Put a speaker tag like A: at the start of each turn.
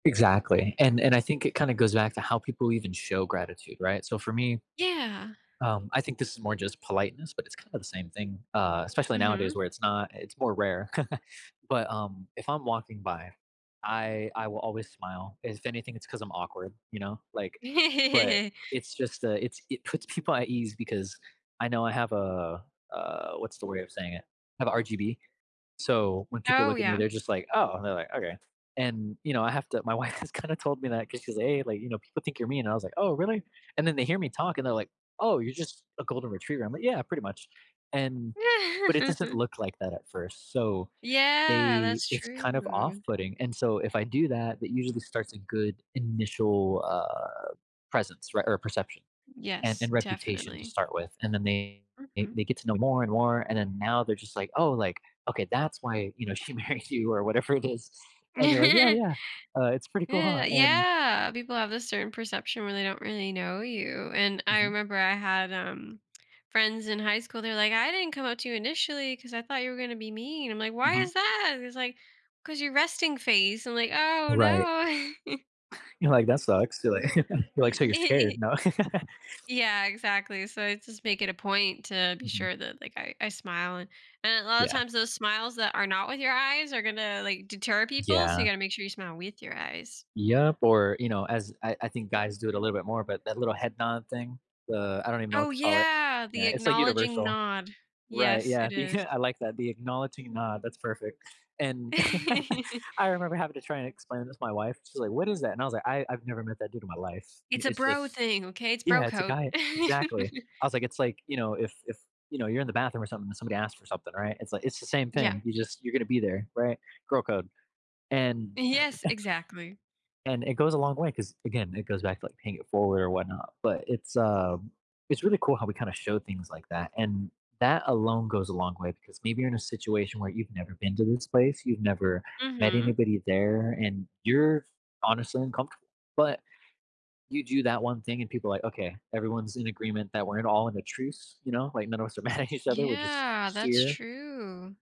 A: Exactly, and and I think it kinda goes back to how people even show gratitude, right? So for me,
B: Yeah.
A: um, I think this is more just politeness, but it's kind of the same thing, uh, especially nowadays
B: Mhm.
A: where it's not it's more rare, but, um, if I'm walking by, I I will always smile. If anything, it's 'cause I'm awkward, you know, like but it's just, uh, it's it puts people at ease because I know I have a, uh uh, what's the way of saying it? I have RGB, so when people
B: Oh,
A: look at me,
B: yeah.
A: they're just like, "Oh," and they're like, "Okay," and, you know, I have to my wife has kinda told me that because she's like, "Hey," like, you know, "People think you're mean," I was like, "Oh, really," and then they hear me talk, and they're like, "Oh, you're just a golden retriever." I'm, like, "Yeah, pretty much," and but it doesn't look like that at first, so
B: Yeah,
A: they
B: that's
A: it's kind of off
B: true.
A: putting, and so if I do that, that usually starts a good initial, uh, presence, right, or perception and
B: Yes,
A: and reputation to
B: definitely.
A: start with, and then they
B: Mhm.
A: they get to know more and more, and then now they're just like, "Oh, like, okay, that's why, you know, she married you," or whatever it is, and you're like, "Yeah,
B: Ye
A: yeah, uh, it's pretty cool, ha," and
B: yeah. People have this certain perception where they don't really know you, and I
A: Mhm.
B: remember I had, um, friends in high school, they're, like, "I didn't come up to you initially 'cause I thought you were gonna be mean." I'm, like, "Why
A: Mhm.
B: is that," and he's, like, "Cause you're resting face." I'm like, "Oh
A: Right.
B: no."
A: You know, like, "That sucks." You're like you're like, "So, you're
B: Ye
A: scared." No.
B: Yeah, exactly, so I just make it a point to be
A: Mhm.
B: sure that, like, I I smile and and a lotta
A: Yeah.
B: times, those smiles that are not with your eyes are gonna, like, deter people, so you
A: Yeah.
B: gotta make sure you smile with your eyes.
A: Yep, or you know, as I I think guys do it a little bit more, but that little head nod thing, the I don't even know what
B: Oh,
A: to call it.
B: yeah, the
A: Yeah, it's like
B: acknowledging
A: universal.
B: nod.
A: Right,
B: Yes,
A: yeah.
B: it is.
A: becau I like that, "the acknowledging nod," that's perfect, and I remember having to try and explain this to my wife. She's, like, "What is that," and I was like, "I I've never met that dude in my life."
B: It's a
A: It's
B: bro
A: just
B: thing, okay? It's bro
A: yeah, it's a
B: code.
A: guy exactly. I was like, "It's, like, you know, if if, you know, you're in the bathroom, or something, and somebody asks for something, right? It's like it's the same
B: Yeah.
A: thing. You just you're gonna be there, right?" Girl code, and
B: Yes, exactly.
A: and it goes a long way, 'cause, again, it goes back to paying it forward or whatnot, but it's, uh, it's really cool how we, kinda, show things like that, and that alone goes a long way, because maybe you're in a situation where you've never been to this place, you've never met
B: Mhm.
A: anybody there, and you're honestly uncomfortable, but you do that one thing, and people are like, "Okay, everyone's in agreement that we're in all in a truce," you know, like, "None of us are mad at each other, we're just
B: Yeah, that's
A: here."
B: true.